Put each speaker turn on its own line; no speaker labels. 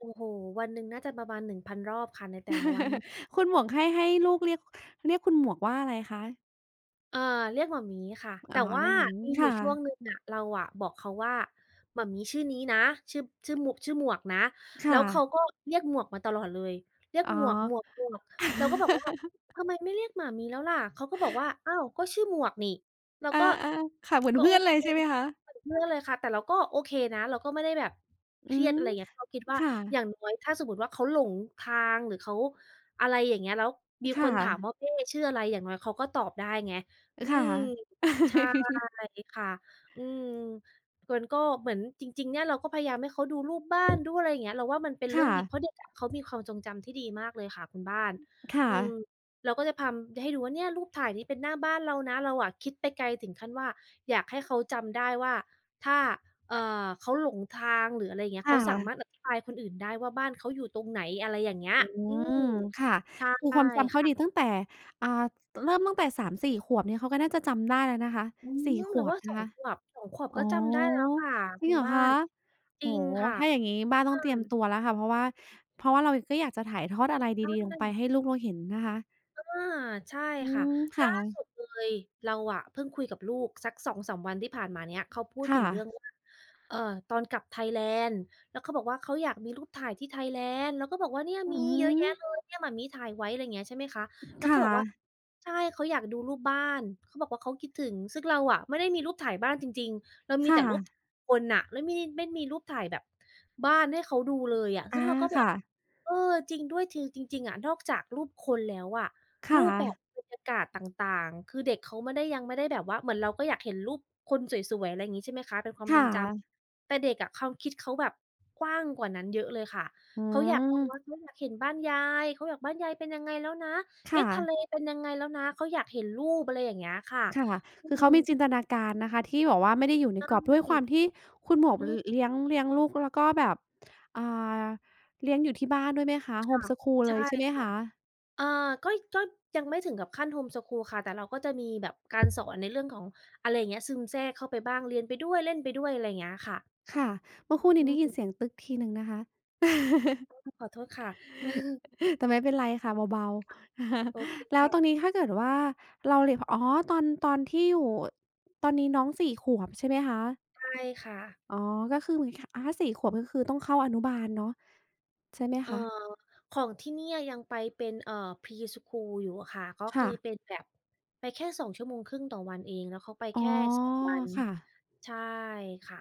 โอ้โฺฺฮ วันหนึ่งน่าจะประมาณ 1,000 รอบค่ะในแต่ละวัน
คุณหมวกให้ ให้ลูกเรียก เรียกคุณหมวกว่าอะไรคะ?
เออ เรียกหม่ามี๊ค่ะ
อ
แ
๋
ต่
อ
ว
เ
่
ร
า
ียกหม่ามี้
มีอ
ค
ยู่
่
ช่วง
ะ
หนึ่งอะ เราบอกเขาว่า หม่ามี๊ชื่อนี้นะ ชื่อ ชื่อหมว ชื่อหมวกนะ
ค
แล้
่
วเข
ะ
าก็เรียกหมวกมาตลอดเลย เรียก
อ๋อ
"หมวก หมวก หมวก" แล้วก็บอกว่า "ทำไมไม่เรียกหม่ามี๊แล้วล่ะ?" เขาก็บอกว่า "อ้าว ก็ชื่อหมวกนี่" เรา
อา
ก็
ๆ ค่ะ เหมือ
ก
น
็
เพ
โ
ื
อ
่อนเ
เ
ล
ค
ยใช่ไหมคะ?
เหมือนเพื่อนเลยค่ะ แต่เราก็โอเคนะ เราก็ไม่ได้แบบ
อ
เ
ื
ครียด อ
ม
ะไรอย่างเงี้ย เพราะคิดว่
ค
า
่
อย
ะ
่างน้อยถ้าสมมุติว่าเขาหลงทางหรือเขา อะไรอย่างเงี้ย แล้วมี
ค
ค
่
นถาม
ะ
ว่า "แม่ชื่ออะไร?" อย่างน้อยเขาก็ตอบได้ไง อื
ค่ะ
ม ใช่ ค่ะ อืม เฟิร์นก็ เหมือนจริง ๆ เนี่ย เราก็พยายามให้เขาดูรูปบ้าน ดูอะไรอย่างเงี้ย เราว่ามันเป็นเ
ค
รื่
่
องดี
ะ
เพราะเด็ก อะเขามีความทรงจำที่ดีมากเลยค่ะคุณบ้าน
ค่
อืม
ะ
เราก็จะทำให้ให้ดูว่า "เนี่ย รูปถ่ายนี้เป็นหน้าบ้านเรานะ" เราอะคิดไปไกลถึงขั้นว่า อยากให้เขาจำได้ว่า ถ้า เอ่อ เขาหลงทาง หรืออะไรอย่างเงี้
ค
ย เ
่
ขาสา
ะ
มารถอธิบายคนอื่นได้ว่า บ้านเขาอยู่ตรงไหน อะไรอย่างเงี้ย
อื
อื
ม
ม
ค่ะ
ใช่
คือความจำเข
ค
า
่ะ
ดีตั้งแต่ อา ต เริ่มตั้งแต่ 3-4 ขวบเนี่ย เขาก็น่าจะจำได้แล้วนะคะ
อืม
4 ข
เรา
ว
ว
บ
่า
น
ส
ะ
อ
ค
ง
ะ
ขวบ 2 ขวบ
อ๋อ
ก็จำได้แล้วค่ะ
จ
ค
ริ
ุ
งเ
ณ
หรอ
บ้า
คะ
น จ
โอ
ร
้
ิง
โฮ
ค่ะ
ถ้าอย่างงี
อ
้บ้านต้อง
ื
เตรียมต
ม
ัวแล้วค่ะ เพราะว่า เพราะว่าเราก็อยากจะถ่ายทอดอะไรด
ใช
ี ๆ ลงไป
่
ให้ลูกเราเห็นนะคะ
อา ใช่
อื
ค่ะ
ม ค
ล
่
่าส
ะ
ุดเลย เราอะเพิ่งคุยกับลูกสัก 2-3 วันที่ผ่านมาเนี่ย เขาพูด
ค
ถ
่
ึงเรื่อ
ะ
งว่า เออ ตอนกลับไทยแลนด์ แล้วเขาบอกว่า "เขาอยากมีรูปถ่ายที่ไทยแลนด์" เราก็บอกว่า "เนี่ย
อื
มีเยอะแยะ
ม
เลย เนี่ยหม่ามี๊ถ่ายไว้" อะไรอย่างเงี้ยใช่ไหมคะ แล้
ค
วเข
่
าบอกว่า
ะ
ใช่ เขาอยากดูรูปบ้าน เขาบอกว่าเขาคิดถึง ซึ่งเราอะไม่ได้มีรูปถ่ายบ้านจริง ๆ เราม
ค
ี
่
แต่รูป
ะ
คนน่ะ แล้วไม่มี ไม่มีรูปถ่ายแบบ บ้านให้เขาดูเลยอะ
อ
ซ
า
ึ่งเราก็
ค
แบ
่
บ
ะ
"เออ จริงด้วย" คือ จริง ๆ อะ นอกจากรูปคนแล้วอะ
ค
ร
่
ูปแบบ
ะ
บรรยากาศต่าง ๆ คือเด็กเขาไม่ได้ ยังไม่ได้แบบว่า เหมือนเราก็อยากเห็นรูปคนสวย ๆ อะไรอย่างงี้ ใช่ไหมคะ เป็นควา
ค
มท
่
รงจ
ะ
ำ แต่เด็กอะความคิดเขาแบบกว้างกว่านั้นเยอะเลยค่ะ
อื
เขาอยาก
ม
[unintelligible] อยากเห็นบ้านยาย เขาอยาก "บ้านยายเป็นยังไงแล้วนะ?
ค
เอ๊
่
ะ ทะเ
ะ
ลเป็นยังไงแล้วนะ?" เขาอยากเห็นรูป อะไรอย่างเงี้ยค่ะ
ค่ะ
อื
คือเขามี
ม
จินตนา การนะคะที่แบบว่าไม่ได้อยู่
ใ
ใน
ช่
กรอบ ด้วยความที่คุณหมวก
อื
ล
ม
เลี้ยง เลี้ยงลูก แล้วก็แบบ อา เลี้ยงอยู่ที่บ้านด้วยไหมคะ
ค่ะ
home school
ใช
เลย
่
ใช่ไหม
ค
ค
่ะ
ะ?
เออ ก็ ก็ ยังไม่ถึงกับขั้น home school ค่ะ แต่เราก็จะมีแบบการสอน ในเรื่องของ อะไรอย่างเงี้ย ซึมแทรกเข้าไปบ้าง เรียนไปด้วย เล่นไปด้วย อะไรอย่างเงี้ยค่ะ
ค่ะ เมื่อครู่นี
อ
้ได
ื
้ยิน
ม
เสียง ทีหนึ่งนะคะ
ขอโทษค่ะ
แต่ไม่เป็นไรค่ะ เบา
ค่ะ
ๆ
โอเค
แล
ค
้ว
่
ตอน
ะ
นี้ถ้าเกิดว่าเรา เร พ อ๋อ ตอน ตอนที่อยู่ ตอนนี้น้อง 4 ขวบใช่ไหมคะ?
ใช่ค่ะ
อ๋อ ก็คือเหมือนกับ อา 4 ขวบ ก็คือต้องเข้าอนุบาลเนาะ ใช่ไหม
เออ
คะ?
ของที่เนี่ยยังไปเป็น เอ่อ pre school อยู่อะค่ะ ก็
ค
ค
่
ือ
ะ
เป็นแบบไปแค่ 2.5 ชั่วโมง ต่อวันเอง แล้วเขาไป
อ๋
แ
อ
ค่ 2 วัน
ค่ะ
ใช่ค่ะ